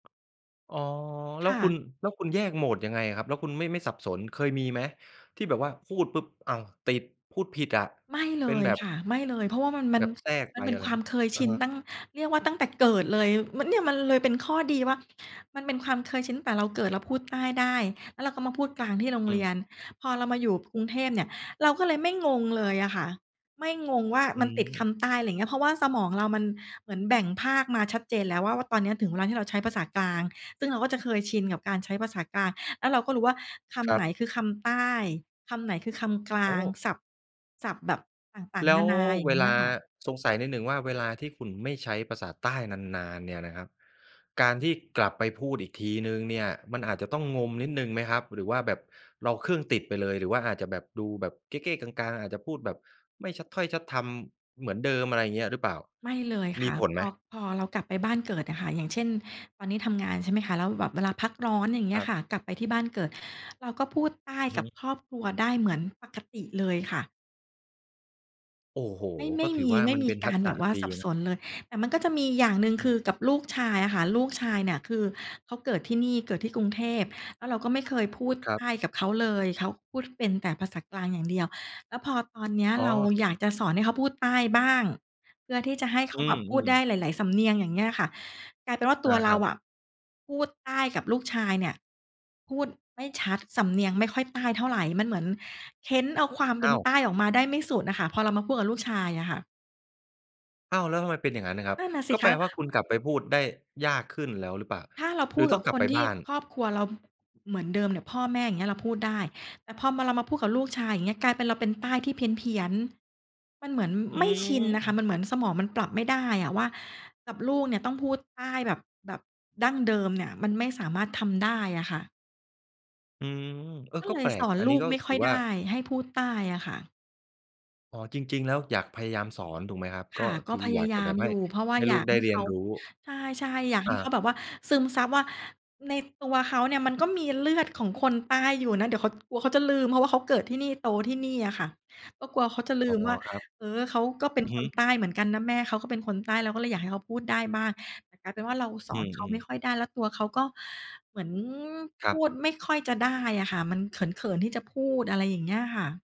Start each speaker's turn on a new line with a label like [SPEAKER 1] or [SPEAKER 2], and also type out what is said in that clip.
[SPEAKER 1] อ๋อ แล้
[SPEAKER 2] ค
[SPEAKER 1] ว
[SPEAKER 2] ่
[SPEAKER 1] คุ
[SPEAKER 2] ะ
[SPEAKER 1] ณ แล้วคุณแยกโหมดยังไงอะครับ? แล้วคุณไม่ ไม่สับสน เคยมีไหมที่แบบว่าพูดปุ๊บ อ้าว ติด พูดผิดอะ
[SPEAKER 2] ไม่เล
[SPEAKER 1] เป็น
[SPEAKER 2] ย
[SPEAKER 1] แบบ
[SPEAKER 2] ค่ะ ไม่เลย เพราะว่ามัน มั
[SPEAKER 1] แบ
[SPEAKER 2] น
[SPEAKER 1] บแทรก
[SPEAKER 2] ม
[SPEAKER 1] ไ
[SPEAKER 2] ั
[SPEAKER 1] ป
[SPEAKER 2] นเป็
[SPEAKER 1] อ
[SPEAKER 2] น
[SPEAKER 1] ะไร
[SPEAKER 2] ควา
[SPEAKER 1] ง
[SPEAKER 2] ม
[SPEAKER 1] ี้
[SPEAKER 2] เคยช
[SPEAKER 1] อะ
[SPEAKER 2] ิน
[SPEAKER 1] ฮะ
[SPEAKER 2] ตั้ง เรียกว่าตั้งแต่เกิดเลย มัน เนี่ยมันเลยเป็นข้อดีว่า มันเป็นความเคยชินตั้งแต่เราเกิด เราพูดใต้ได้ แล้วเราก็มาพูดกลางที่โรง
[SPEAKER 1] อ
[SPEAKER 2] เร
[SPEAKER 1] ืม
[SPEAKER 2] ียน พอเรามาอยู่กรุงเทพเนี่ย เราก็เลยไม่งงเลยอะค่ะ ไม่งงว่า
[SPEAKER 1] อื
[SPEAKER 2] มันติดค
[SPEAKER 1] ม
[SPEAKER 2] ำใต้ อะไรเงี้ย เพราะว่าสมองเรามันเหมือนแบ่งภาคมาชัดเจนแล้วว่า ว่าตอนเนี้ยถึงเวลาที่เราใช้ภาษากลาง ซึ่งเราก็จะเคยชินกับการใช้ภาษากลาง แล้วเราก็รู้ว่าค
[SPEAKER 1] ค
[SPEAKER 2] ำ
[SPEAKER 1] ร
[SPEAKER 2] ไ
[SPEAKER 1] ั
[SPEAKER 2] หน
[SPEAKER 1] บ
[SPEAKER 2] คือคำใต้ คำไหนคือคำกล
[SPEAKER 1] โอ
[SPEAKER 2] าง
[SPEAKER 1] ้!
[SPEAKER 2] ศัพท์ ศัพท์แบบต่าง
[SPEAKER 1] แล
[SPEAKER 2] ๆ น
[SPEAKER 1] ้
[SPEAKER 2] า
[SPEAKER 1] ว
[SPEAKER 2] นา อย่า
[SPEAKER 1] เว
[SPEAKER 2] งเงี
[SPEAKER 1] ล
[SPEAKER 2] ้
[SPEAKER 1] า
[SPEAKER 2] ยค่ะ
[SPEAKER 1] สงสัยนิดหนึ่งว่าเวลาที่คุณไม่ใช้ภาษาใต้นาน ๆ เนี่ยนะครับ การที่กลับไปพูดอีกทีหนึ่งเนี่ยมันอาจจะต้องงมนิดหนึ่งไหมครับ หรือว่าแบบเราเครื่องติดไปเลย หรือว่าอาจจะแบบดูแบบเก้ ๆ กัง ๆ อาจจะพูดแบบไม่ชัดถ้อยชัดทำเหมือนเดิม อะไรเงี้ยหรือเปล่า
[SPEAKER 2] ไม่เลย
[SPEAKER 1] ม
[SPEAKER 2] ค
[SPEAKER 1] ี
[SPEAKER 2] ่ะ
[SPEAKER 1] ผล
[SPEAKER 2] พ
[SPEAKER 1] ไหม?
[SPEAKER 2] อ พอเรากลับไปบ้านเกิดอะค่ะ อย่างเช่น ตอนนี้ทำงาน ใช่ไหมคะ แล้วแบบเวลาพักร้อนอย่างเง
[SPEAKER 1] ค
[SPEAKER 2] ี้ย
[SPEAKER 1] รั
[SPEAKER 2] ค
[SPEAKER 1] บ
[SPEAKER 2] ่ะ กลับไปที่บ้านเกิด เราก็พูดใต้
[SPEAKER 1] อือฮ
[SPEAKER 2] กับ
[SPEAKER 1] ึ
[SPEAKER 2] ครอบครัวได้เหมือนปกติเลยค่ะ
[SPEAKER 1] โอ้โฮ
[SPEAKER 2] ไม่ ไม
[SPEAKER 1] ก็
[SPEAKER 2] ่
[SPEAKER 1] ถ
[SPEAKER 2] ม
[SPEAKER 1] ือ
[SPEAKER 2] ี
[SPEAKER 1] ว่า
[SPEAKER 2] ไม่
[SPEAKER 1] มัน
[SPEAKER 2] มี
[SPEAKER 1] เป็น
[SPEAKER 2] ก
[SPEAKER 1] ทั
[SPEAKER 2] า
[SPEAKER 1] ก
[SPEAKER 2] ร
[SPEAKER 1] ษ
[SPEAKER 2] แบ
[SPEAKER 1] ะ
[SPEAKER 2] บว่า
[SPEAKER 1] ด
[SPEAKER 2] ส
[SPEAKER 1] ี
[SPEAKER 2] ับส
[SPEAKER 1] นะ
[SPEAKER 2] นเลย แต่มันก็จะมีอย่างหนึ่ง
[SPEAKER 1] อื
[SPEAKER 2] คื
[SPEAKER 1] ม
[SPEAKER 2] อกับลูกชายอะค่ะ ลูกชายเนี่ยคือเขาเกิดที่นี่ เกิดที่กรุงเทพ แล้วเราก็ไม่เคยพูด
[SPEAKER 1] คร
[SPEAKER 2] ใ
[SPEAKER 1] ั
[SPEAKER 2] ต
[SPEAKER 1] บ
[SPEAKER 2] ้กับเขาเลย เขาพูดเป็นแต่ภาษากลางอย่างเดียว แล้วพอตอนเนี้ย
[SPEAKER 1] อ๋อ
[SPEAKER 2] เราอยากจะสอนให้เขาพูดใต้บ้าง เพื่อที่จะให้เข
[SPEAKER 1] อ
[SPEAKER 2] า
[SPEAKER 1] ื
[SPEAKER 2] แบบพูด
[SPEAKER 1] อ
[SPEAKER 2] ได้
[SPEAKER 1] ๆ
[SPEAKER 2] หลาย ๆ สำเนียง อย่างเงี้ยล่ะค่ะ กลายเป็นว่าต
[SPEAKER 1] อ
[SPEAKER 2] ั
[SPEAKER 1] า
[SPEAKER 2] วเร
[SPEAKER 1] ค
[SPEAKER 2] า
[SPEAKER 1] รับ
[SPEAKER 2] อะพูดใต้กับลูกชายเนี่ย พูดไม่ชัด สำเนียงไม่ค่อยใต้เท่าไร มันเหมือนเค้นเอาความเป
[SPEAKER 1] อ
[SPEAKER 2] ็
[SPEAKER 1] ้
[SPEAKER 2] น
[SPEAKER 1] าว
[SPEAKER 2] ใต้ออกมาได้ไม่สุดน่ะค่ะ พอเรามาพูดกับลูกชายอะค่ะ
[SPEAKER 1] อ้าว แล้วทำไมเป็นอย่างงั้นน่ะครั
[SPEAKER 2] น
[SPEAKER 1] บ
[SPEAKER 2] ั่นน่ะสิ
[SPEAKER 1] ก็แ
[SPEAKER 2] ค
[SPEAKER 1] ป
[SPEAKER 2] ะ
[SPEAKER 1] ลว่า คุณกลับไปพูดได้ยากขึ้นแล้วหรือเปล่า?
[SPEAKER 2] ถ้าเราพ
[SPEAKER 1] หรื
[SPEAKER 2] ู
[SPEAKER 1] อ
[SPEAKER 2] ด
[SPEAKER 1] ต้
[SPEAKER 2] กั
[SPEAKER 1] อ
[SPEAKER 2] บ
[SPEAKER 1] งกล
[SPEAKER 2] ค
[SPEAKER 1] ับ
[SPEAKER 2] น
[SPEAKER 1] ไป
[SPEAKER 2] ที
[SPEAKER 1] บ
[SPEAKER 2] ่
[SPEAKER 1] ้าน?
[SPEAKER 2] ครอบครัวเราเหมือนเดิมเนี่ย พ่อแม่ อย่างเงี้ย เราพูดได้ แต่พอมา เรามาพูดกับลูกชาย อย่างเงี้ย กลายเป็นเราเป็นใต้ที่เพี้ยน ๆ มันเหมือน
[SPEAKER 1] อื
[SPEAKER 2] ไม่ชินน่ะค่ะ ม
[SPEAKER 1] ม
[SPEAKER 2] ันเหมือนสมองมันปรับไม่ได้อะว่า กับลูกเนี่ยต้องพูดใต้แบบ แบบดั้งเดิมเนี่ย มันไม่สามารถทำได้อะค่ะ
[SPEAKER 1] อืม เออ
[SPEAKER 2] ก็
[SPEAKER 1] ก็
[SPEAKER 2] เล
[SPEAKER 1] แป
[SPEAKER 2] ย
[SPEAKER 1] ล
[SPEAKER 2] ส
[SPEAKER 1] ก
[SPEAKER 2] อน
[SPEAKER 1] อัน
[SPEAKER 2] ล
[SPEAKER 1] นี
[SPEAKER 2] ู
[SPEAKER 1] ้
[SPEAKER 2] ก
[SPEAKER 1] ก็
[SPEAKER 2] ไม่ค
[SPEAKER 1] ถ
[SPEAKER 2] ่
[SPEAKER 1] ือ
[SPEAKER 2] อย
[SPEAKER 1] ว่
[SPEAKER 2] ไ
[SPEAKER 1] า
[SPEAKER 2] ด้ ให้พูดใต้อะค่ะ
[SPEAKER 1] อ๋อ จริง ๆ แล้วอยากพยายามสอนถูกไหมครับ?
[SPEAKER 2] ค
[SPEAKER 1] ก็
[SPEAKER 2] ่ะ ก
[SPEAKER 1] ค
[SPEAKER 2] ็
[SPEAKER 1] ือ
[SPEAKER 2] พย
[SPEAKER 1] อย
[SPEAKER 2] า
[SPEAKER 1] าก
[SPEAKER 2] ยา
[SPEAKER 1] จะแบ
[SPEAKER 2] ม
[SPEAKER 1] บใ
[SPEAKER 2] อ
[SPEAKER 1] ห
[SPEAKER 2] ย
[SPEAKER 1] ้
[SPEAKER 2] ู่ เพราะว่า
[SPEAKER 1] ให้
[SPEAKER 2] อย
[SPEAKER 1] ลู
[SPEAKER 2] า
[SPEAKER 1] ก
[SPEAKER 2] ก
[SPEAKER 1] ได้
[SPEAKER 2] ให้
[SPEAKER 1] เรี
[SPEAKER 2] เข
[SPEAKER 1] ยน
[SPEAKER 2] า
[SPEAKER 1] รู้
[SPEAKER 2] ใช่ ๆ อยาก
[SPEAKER 1] อ
[SPEAKER 2] ให
[SPEAKER 1] า
[SPEAKER 2] ้เขาแบบว่าซึมซับว่า ในตัวเขาเนี่ยมันก็มีเลือดของคนใต้อยู่นะ เดี๋ยวเขา กลัวเขาจะลืม เพราะว่าเขาเกิดที่นี่ โตที่นี่อะค่ะ ก็กลัวเขาจะลื
[SPEAKER 1] อ๋อ
[SPEAKER 2] มว่า
[SPEAKER 1] ครับ
[SPEAKER 2] เออ เขาก็เป็
[SPEAKER 1] อ
[SPEAKER 2] น
[SPEAKER 1] ือ
[SPEAKER 2] ค
[SPEAKER 1] ฮึ
[SPEAKER 2] นใต้เหมือนกันนะ แม่เขาก็เป็นคนใต้ เราก็เลยอยากให้เขาพูดได้บ้าง แต่กลายเป็นว่า เราส
[SPEAKER 1] อ
[SPEAKER 2] อ
[SPEAKER 1] ื
[SPEAKER 2] นเขาไ
[SPEAKER 1] ม
[SPEAKER 2] ม่
[SPEAKER 1] ๆ
[SPEAKER 2] ค่อยได้ แล้วตัวเขาก็เหมือน
[SPEAKER 1] ค
[SPEAKER 2] พ
[SPEAKER 1] รั
[SPEAKER 2] ู
[SPEAKER 1] บ
[SPEAKER 2] ดไม่ค่อยจะได้อะค่ะ มันเขิน ๆ ที่จะพูด อะไรอย่างเงี้ยค่ะ